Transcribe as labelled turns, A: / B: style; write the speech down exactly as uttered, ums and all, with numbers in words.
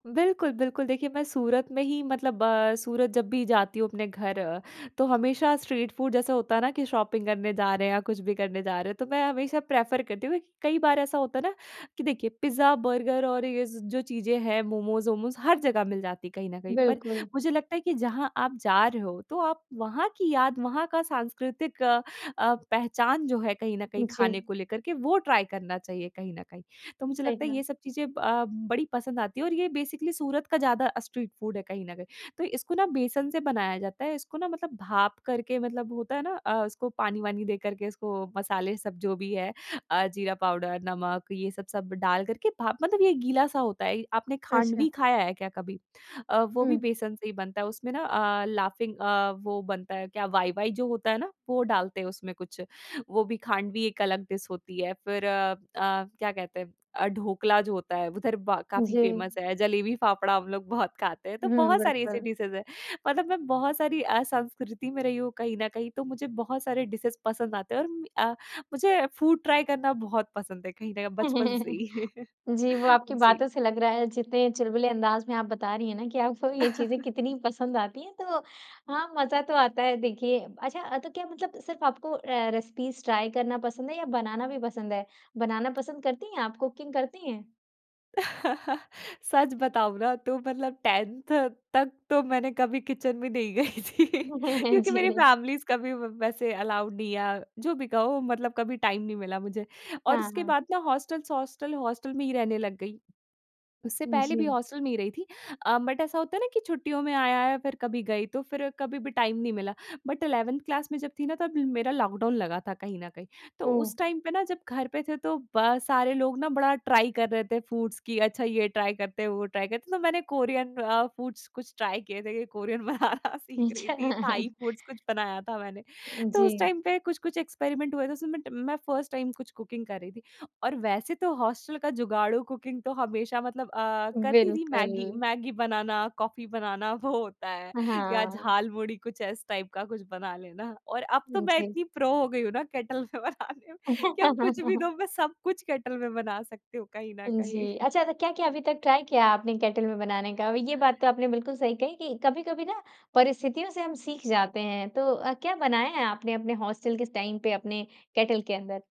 A: बिल्कुल, बिल्कुल, देखिए मैं सूरत में ही मतलब अ, सूरत जब भी जाती हूँ अपने घर, तो हमेशा स्ट्रीट फूड जैसा होता है ना कि शॉपिंग करने जा रहे हैं या कुछ भी करने जा रहे हैं तो मैं हमेशा प्रेफ़र करती हूँ क्योंकि कई बार ऐसा होता है ना? कि देखिए पिज़्ज़ा-बर्गर और ये ज़ जो चीज़ें हैं मोमोज़-वोमोज़ हर जगह मिल जाती है कहीं न कहीं। पर
B: बिल्कुल।
A: मुझे लगता है कि जहाँ आप जा रहे हो, तो आप वहाँ की याद वहाँ का साँस्कृतिक अ, पहचान जो है कहीं न कहीं
B: जी।
A: खाने को लेकर के वो ट्राई करना चाहिए कहीं न कहीं। तो मुझे
B: सही
A: लगता है
B: कहा।
A: ये सब चीज़ें ब अ, बड़ी पसंद आती हैं और ये बेसिकली सूरत का ज़्यादा अ, स्ट्रीट फूड है कहीं न कहीं, तो इसको न बेसन से बनाया जाता है। इसको ना मतलब भाप करके मतलब होता है ना अ, उसको पानी-वानी दे कर के इसको मसाले सब जो भी है, अ, जीरा पाउडर, नमक ये सब सब डाल करके भाप, मतलब ये गीला-सा होता है ये। आपने
B: अच्छा।
A: खाँडवी खाया है क्या कभी? अ, वो भी
B: हुँ।
A: बेसन से ही बनता है उसमें ना अ, लाफ़िंग अ, वो बनता है क्या वाई-वाई जो होता है ना, वो डालते हैं उसमें कुछ। वो भी खाँडवी एक अलग डिश होती है। फिर अ अ, क्या कहते हैं अ, ढोकला जो होता है उधर ब काफ़ी
B: जी।
A: फेमस है, जलेबी-फाफड़ा हम लोग बहुत खाते हैं तो
B: हुँ,
A: बहुत सारी ऐसी
B: बिल्कुल।
A: डिशेज़ हैं। मतलब मैं बहुत सारी अ, संस्कृति में रही हूँ कहीं न कहीं तो मुझे बहुत सारे डिशेज़ पसंद आते हैं। और म अ, मुझे फूड ट्राई करना बहुत पसंद है कहीं न बचपन से ही।
B: जी, वो आपकी
A: जी।
B: बातों से लग रहा है जितने चुलबुले अँदाज में आप बता रही हैं ना कि आप को ये चीज़ें कितनी पसंद आती हैं तो हाँ, मज़ा तो आता है देखिए। अच्छा तो क्या मतलब सिर्फ़ आपको अ, रेसिपीज़ ट्राई करना पसंद है या बनाना भी पसंद है? बनाना पसंद करती हैं आप कुकिंग करती हैं?
A: सच बताऊँ ना तो मतलब टेंथ तक तो मैंने कभी किचन भी नहीं गई थी क्योंकि मेरी
B: जी।
A: फैमिलीज़ कभी व वैसे अलाउड नहीं है, जो भी कहो मतलब कभी टाइम नहीं मिला मुझे। और
B: हाँ,
A: उसके
B: हाँ।
A: बाद ना हॉस्टल्स हॉस्टल हॉस्टल में ही रहने लग गई, उससे पहले भी
B: जी।
A: हॉस्टल में ही रही थी। अ, बट ऐसा होता है ना कि छुट्टियों में आया है फिर कभी गई तो फिर कभी भी टाइम नहीं मिला। बट इलेवेंथ क्लास में जब थी ना तब मेरा लॉकडाउन लगा था कहीं न कहीं। तो
B: ओह!
A: उस टाइम पे ना जब घर पे थे तो ब सारे लोग ना बड़ा ट्राई कर रहे थे फूड्स की अच्छा ये ट्राई करते हैं वो ट्राई करते हैं। तो मैंने कोरियन अ, फूड्स कुछ ट्राई किये थे कि कोरियन बनाना सीख रही
B: अच्छा।
A: थी। थाई फूड्स कुछ बनाया था मैंने। तो उस
B: जी।
A: टाइम पे कुछ-कुछ एक्सपेरिमेंट हुए थे। उसमें मैं ट मैं फ़र्स्ट टाइम कुछ कुकिंग कर रही थी। और वैसे तो हॉस्टल का जुगाड़ू कुकिंग तो हमेशा मतलब अ, करती थी मैगी
B: बिल्कुल।
A: मैगी बनाना, कॉफी बनाना वो होता है,
B: अ,
A: या
B: हाँ।
A: झालमुड़ी कुछ इस टाइप का कुछ बना लेना, और अब तो मैं
B: जी।
A: इतनी प्रो हो गई हूँ ना केटल में बनाने में कि अब कुछ भी दो मैं सब कुछ केटल में बना सकती हूँ कहीं न
B: हाँ जी,
A: कहीं।
B: अच्छा तो क्या-क्या अभी तक ट्राई किया आपने केटल में बनाने का? अभी ये बात तो आपने बिल्कुल सही कही कि कभी-कभी ना, परिस्थितियों से हम सीख जाते हैं। तो अ, क्या बनाया है आपने अपने हॉस्टल स के टाइम पे अपने केटल के अंदर?